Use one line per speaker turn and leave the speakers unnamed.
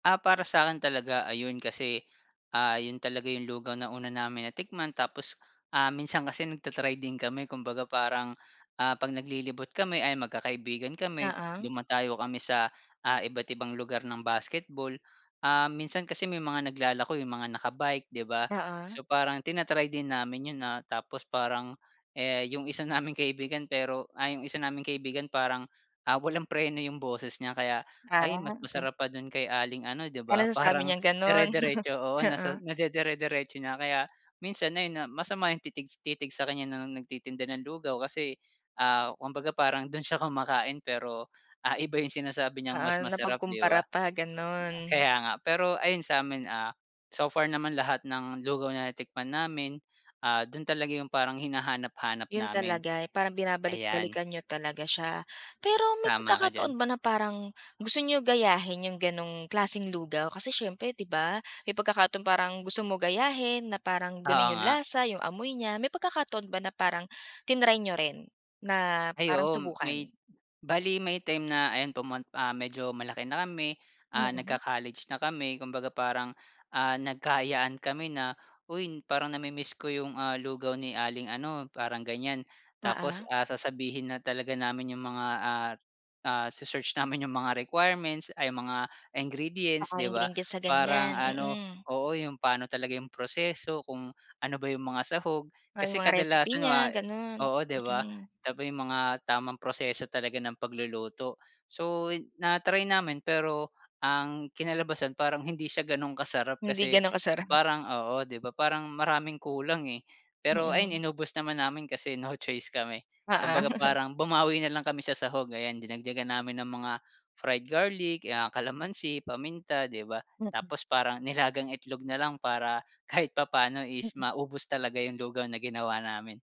Ah, para sa'kin talaga ayun kasi, ah, 'yon talaga 'yong lugaw na una namin natikman tapos, ah, minsan kasi nagta-try din kami kumbaga parang, ah, 'pag naglilibot kami ayan, magkakaibigan kami,
Oo.
dumadayo kami sa, ah, iba't ibang lugar ng basketball. Ah, minsan kasi may mga naglalako 'yong mga naka-bike, 'di ba.
Oo.
So, parang tina-try din namin 'yon, ah, tapos parang, eh, 'yong isa naming kaibigan, pero, ah, 'yong isa naming kaibigan parang, ah, walang preno 'yong boses niya kaya, "Ay mas
Ah, okey.
masarap pa do'n kay aling ano, 'di
Ah,
ba?"
nasasabi
Parang
niyang gano'n.
dire-diretso oo, nasa
Oo.
nadidire-diretso niya kaya minsan ayun nga, masama 'yong titig s titig sa kaniya ng nagtitinda ng lugaw kasi, ah, kumbaga parang do'n siya kumakain, pero, ah, iba 'yong sinasabi niyang
Oo.
mas masarap, 'di
Napagkumpara
ba.
pa, gano'n.
Kaya nga. Pero ayun sa'min, ah, so far naman lahat ng lugaw na natikman namin, ah, do'n talaga 'yong parang hinahanap-hanap
'Yon
namin.
talaga, eh, parang
Ayan.
binabalik-balikan niyo talaga siya. Pero may
Tama ka diyan.
pagkakataon ba na parang gusto niyo gayahin 'yong gano'ng klaseng lugaw? Kasi siyempre, 'di ba, may pagkakataon parang gusto mo gayahin na parang
Oo
gano'n 'yong
nga.
lasa, 'yong amoy niya. May pagkakataon ba na parang tinry niyo rin na
Ay
parang
oo, may
subukan?
bale may time na, ayan pumun ah, medyo malaki na kami, ah,
Mm.
nagka-college na kami, kumbaga parang, ah, nagka-ayaan kami na, "Uy, parang nami-miss ko 'yong, ah, lugaw ni aling ano," parang ganiyan. Tapos,
Oo.
ah, sasabihin na talaga namin 'yong mga, ah, ah, se-search namin 'yong mga requirements ay 'yong mga ingredients,
Baka
'di ba,
ingredients sa
parang
ganiyan.
ano
Mm.
oo, 'yong paano talaga 'yong proseso, kung ano ba 'yong mga sahog.
Ah, 'yong
Kasi
mga recipe
kadalasan 'yong mga
niya, gano'n.
oo, 'di ba?
Mm.
Tabi 'yong mga tamang proseso talaga ng pagluluto. So, na-try namin, pero ang kinalabasan parang hindi siya gano'ng kasarap
Hindi
kasi
gano'n kasarap.
parang oo, 'di ba, parang maraming kulang, eh. Pero ayun,
Mm.
inubos naman namin kasi no choice kami.
Oo.
Kumbaga parang bumawi na lang kami sa sahog, ayan, dinagdagan namin ng mga fried garlic, 'yan kalamansi, paminta, 'di ba.
Mm.
Tapos parang nilagang itlog na lang para kahit papaano is
Mm.
maubos talaga 'yong lugaw na ginawa namin.